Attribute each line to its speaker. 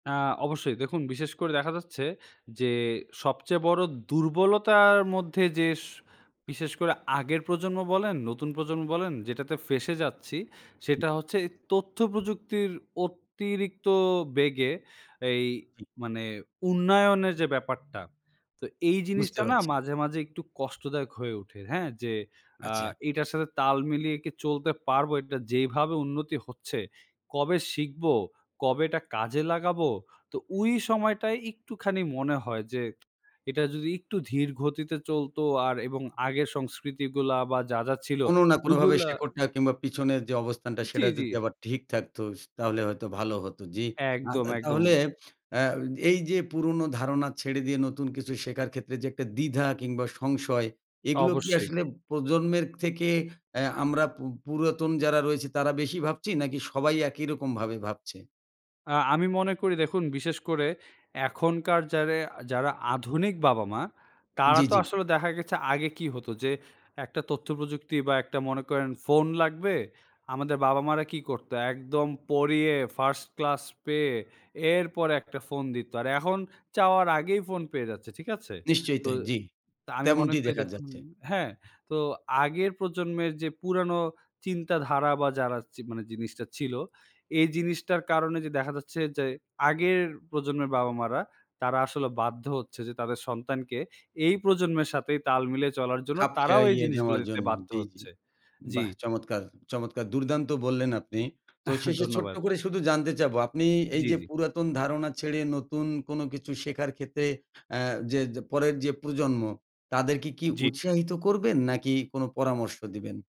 Speaker 1: অ্যা অবশ্যই দেখুন, বিশেষ করে দেখা যাচ্ছে যে, সবচেয়ে বড়ো দুর্বলতার মধ্যে যে স বিশেষ করে আগের প্রজন্ম বলেন, নতুন প্রজন্ম বলেন যেটাতে ফেঁসে যাচ্ছি, সেটা হচ্ছে এই তথ্য প্রযুক্তির অতিরিক্ত বেগে এই মানে উন্নয়নের যে ব্যাপারটা। তো এই
Speaker 2: বুঝতে
Speaker 1: জিনিসটা না
Speaker 2: পারছি।
Speaker 1: মাঝে, মাঝে একটু কষ্টদায়ক হয়ে ওঠে, হ্যাঁ? যে অ্যা
Speaker 2: আচ্ছা।
Speaker 1: এটার সাথে তাল মিলিয়ে কি চলতে পারবো, এটা যেভাবে উন্নতি হচ্ছে, কবে শিখবো, কবে এটা কাজে লাগাবো। তো ওই সময়টায় একটুখানি মনে হয় যে, এটা যদি একটু ধীর গতিতে চলতো আর এবং আগের সংস্কৃতিগুলো বা যা, যা ছিলো
Speaker 2: কোন না কোনভাবে
Speaker 1: ওইগুলো
Speaker 2: শেকড়টা কিংবা পিছনের যে অবস্থানটা,
Speaker 1: জি,
Speaker 2: সেটা
Speaker 1: জি।
Speaker 2: যদি আবার ঠিক থাকতো, তাহলে হয়তো ভালো হত, জ্বী।
Speaker 1: একদম, একদম।
Speaker 2: তাহলে অ্যা এই যে পুরনো ধারণা ছেড়ে দিয়ে নতুন কিছু শেখার ক্ষেত্রে যে একটা দ্বিধা কিংবা সংশয়, এগুলো কি
Speaker 1: অবশ্যই।
Speaker 2: আসলে প্রজন্মের থেকে এহ আমরা পুর পুরাতন যারা রয়েছি তারা বেশি ভাবছি নাকি সবাই একই রকম ভাবে ভাবছে?
Speaker 1: অ্যা আমি মনে করি দেখুন, বিশেষ করে এখনকার যারা, যারা আধুনিক বাবা-মা, তারা
Speaker 2: জ্বি,
Speaker 1: তো
Speaker 2: জ্বি।
Speaker 1: আসলে দেখা গেছে আগে কি হতো যে, একটা তথ্যপ্রযুক্তি বা একটা মনে করেন ফোন লাগবে আমাদের বাবা মারা কি করতো একদম পড়িয়ে ফার্স্ট ক্লাস পেয়ে এরপরে একটা ফোন দিতো, আর এখন চাওয়ার আগেই ফোন পেয়ে যাচ্ছে ঠিক আছে।
Speaker 2: নিশ্চয়ই
Speaker 1: তো
Speaker 2: তাই, জি।
Speaker 1: তো আমি মনে
Speaker 2: তেমনটিই
Speaker 1: করি
Speaker 2: দেখা
Speaker 1: দেখুন,
Speaker 2: যাচ্ছে।
Speaker 1: হ্যাঁ, তো আগের প্রজন্মের যে পুরানো চিন্তাধারা বা যারা মানে জিনিসটা ছিল, এই জিনিসটার কারণে যে দেখা যাচ্ছে যে, আগের প্রজন্মের বাবা-মা রা তারা আসলে বাধ্য হচ্ছে যে, তাদের সন্তানকে এই প্রজন্মের সাথে তাল মিলে চলার জন্য
Speaker 2: খাপ
Speaker 1: তারাও এই
Speaker 2: খেইয়ে
Speaker 1: জিনিসগুলো
Speaker 2: নেওয়ার
Speaker 1: দিতে
Speaker 2: জন্য,
Speaker 1: বাধ্য
Speaker 2: জি, জি।
Speaker 1: হচ্ছে। জি।
Speaker 2: বাহ! চমৎকার, চমৎকার দুর্দান্ত বললেন আপনি। তো শেষে ছোট্ট
Speaker 1: ধন্যবাদ।
Speaker 2: করে শুধু জানতে চাবো। আপনি এই
Speaker 1: জ্বি,
Speaker 2: যে
Speaker 1: জ্বি।
Speaker 2: পুরাতন ধারণা ছেড়ে নতুন কোন কিছু শেখার ক্ষেত্রে অ্যা যে পরের যে প্রজন্ম, তাদেরকে কি
Speaker 1: জ্বি।
Speaker 2: উৎসাহিত করবেন নাকি কোন পরামর্শ দিবেন?